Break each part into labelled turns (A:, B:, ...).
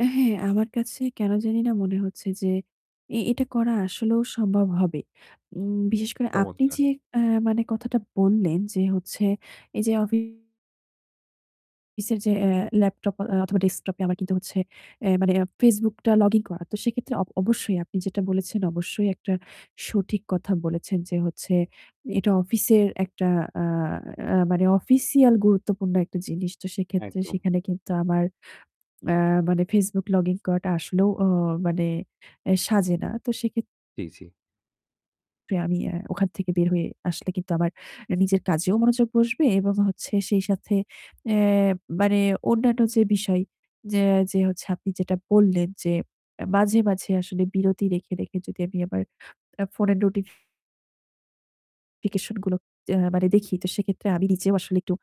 A: এ হ্যাঁ, আমার কাছে কেন জানিনা মনে হচ্ছে যে, এ এটা করা আসলেও সম্ভব হবে। উম বিশেষ করে আপনি
B: চমৎকার!
A: যে অ্যা মানে কথাটা বললেন যে হচ্ছে এই যে অফিসের যে, অ্যা ল্যাপটপ অথবা ডেস্কটপে আমার কিন্তু হচ্ছে অ্যা মানে এক Facebook টা লগইন করা। তো সেক্ষেত্রে অব অবশ্যই আপনি যেটা বলেছেন, অবশ্যই একটা সঠিক কথা বলেছেন, যে হচ্ছে এটা অফিসের একটা আ আ মানে অফিশিয়াল গুরুত্বপূর্ণ একটা জিনিস। তো সেক্ষেত্রে
B: একদম।
A: সেখানে কিন্তু আমার আ মানে Facebook লগইন করাটা আসলেও অ মানে অ্যা সাজে না। তো সেক্ষেত্রে
B: জি, জি।
A: আমি অ্যা ওখান থেকে বের হয়ে আসলে কিন্তু আমার নিজের কাজেও মনোযোগ বসবে এবং যে হচ্ছে সেই সাথে অ্যা মানে অন্যান্য যে বিষয় যে যে হচ্ছে আপনি যেটা বললেন যে অ্যা
B: হুম।
A: মাঝে, মাঝে আসলে বিরতি রেখে, রেখে যদি আমি আমার অ্যা ফোনের নোটিফিকেশন গুলোতে মানে দেখি তো সেক্ষেত্রে আমি নিজেও আসলে একটু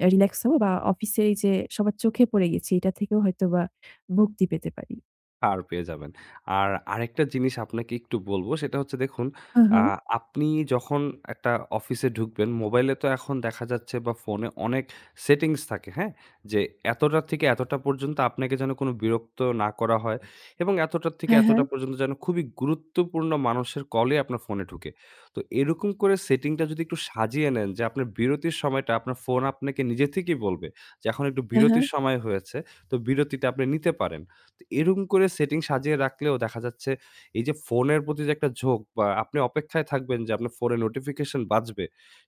A: অ্যা রিল্যাক্স হবো বা অফিসের এই যে সবার চোখে পড়ে গেছি এটা থেকেও হয়তোবা মুক্তি পেতে পারি।
B: পার পেয়ে যাবেন। আর আরেকটা জিনিস আপনাকে একটু বলব, সেটা হচ্ছে দেখুন,
A: আ
B: আ
A: হা।
B: আপনি যখন একটা অফিসে ঢুকবেন মোবাইলে তো এখন দেখা যাচ্ছে বা ফোনে অনেক settings থাকে, হ্যাঁ? যে এতটা থেকে এতটা পর্যন্ত আপনাকে যেন কোন বিরক্ত না করা হয় এবং এতটা থেকে
A: হ্যাঁ,
B: এতটা
A: হ্যাঁ।
B: পর্যন্ত যেন খুবই গুরুত্বপূর্ণ মানুষের কলেই আপনার ফোনে ঢোকে। তো এরকম করে setting টা যদি একটু সাজিয়ে নেন যে, আপনার বিরতির সময়টা আপনার ফোন আপনাকে নিজে থেকেই বলবে যে এখন একটু
A: হ্যাঁ, হ্যাঁ।
B: বিরতির সময় হয়েছে তো বিরতিটা আপনি নিতে পারেন। তো এরকম করে setting সাজিয়ে রাখলেও দেখা যাচ্ছে এই যে ফোনের প্রতি যে একটা ঝোঁক বা আপনি অপেক্ষায় থাকবেন যে আপনার ফোনে notification বাজবে,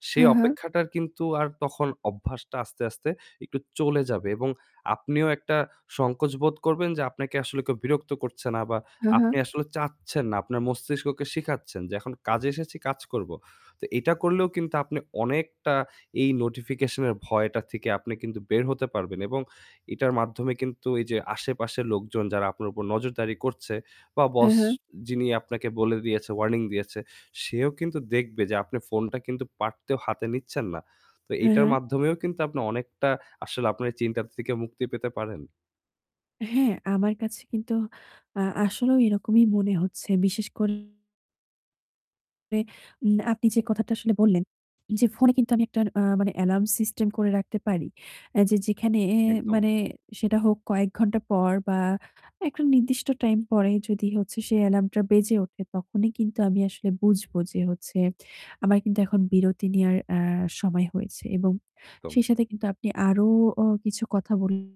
B: সেই
A: হ্যাঁ, হ্যাঁ।
B: অপেক্ষাটার কিন্তু আর তখন অভ্যাসটা আস্তে, আস্তে একটু চলে যাবে এবং আপনিও একটা সংকোচ বোধ করবেন যে, আপনাকে আসলে কেউ বিরক্ত করছে না বা
A: আ হা।
B: আপনি আসলে চাচ্ছেন না। আপনার মস্তিষ্ককে শিখাচ্ছেন যে এখন কাজে এসেছি কাজ করব। তো এটা করলেও কিন্তু আপনি অনেকটা এই notification এর ভয়টা থেকে আপনি কিন্তু বের হতে পারবেন এবং এটার মাধ্যমে কিন্তু এই যে আশেপাশের লোকজন যারা আপনার উপর নজরদারি করছে বা
A: হ্যাঁ,
B: boss
A: হ্যাঁ।
B: যিনি আপনাকে বলে দিয়েছে, warning দিয়েছে সেও কিন্তু দেখবে যে আপনি ফোনটা কিন্তু পারতেও হাতে নিচ্ছেন না। তো
A: হ্যাঁ,
B: এইটার
A: হ্যাঁ।
B: মাধ্যমেও কিন্তু আপনি অনেকটা আসলে আপনার এই চিন্তাটা থেকে মুক্তি পেতে পারেন।
A: হ্যাঁ, আমার কাছে কিন্তু আ আসলেও এরকমই মনে হচ্ছে। বিশেষ করে উম আপনি যে কথাটা আসলে বললেন, যে ফোনে কিন্তু আমি একটা আ মানে অ্যালার্ম সিস্টেম করে রাখতে পারি, অ্যা যে যেখানে অ্যা
B: একদম।
A: মানে সেটা হোক কয়েক ঘণ্টা পর বা একটা নির্দিষ্ট টাইম পরে যদি হচ্ছে সেই অ্যালার্মটা বেজে ওঠে তখনই কিন্তু আমি আসলে বুঝবো যে, হচ্ছে আমার কিন্তু এখন বিরতি নেয়ার অ্যা সময় হয়েছে এবং
B: একদম।
A: সেই সাথে কিন্তু আপনি আরও, ও কিছু কথা বল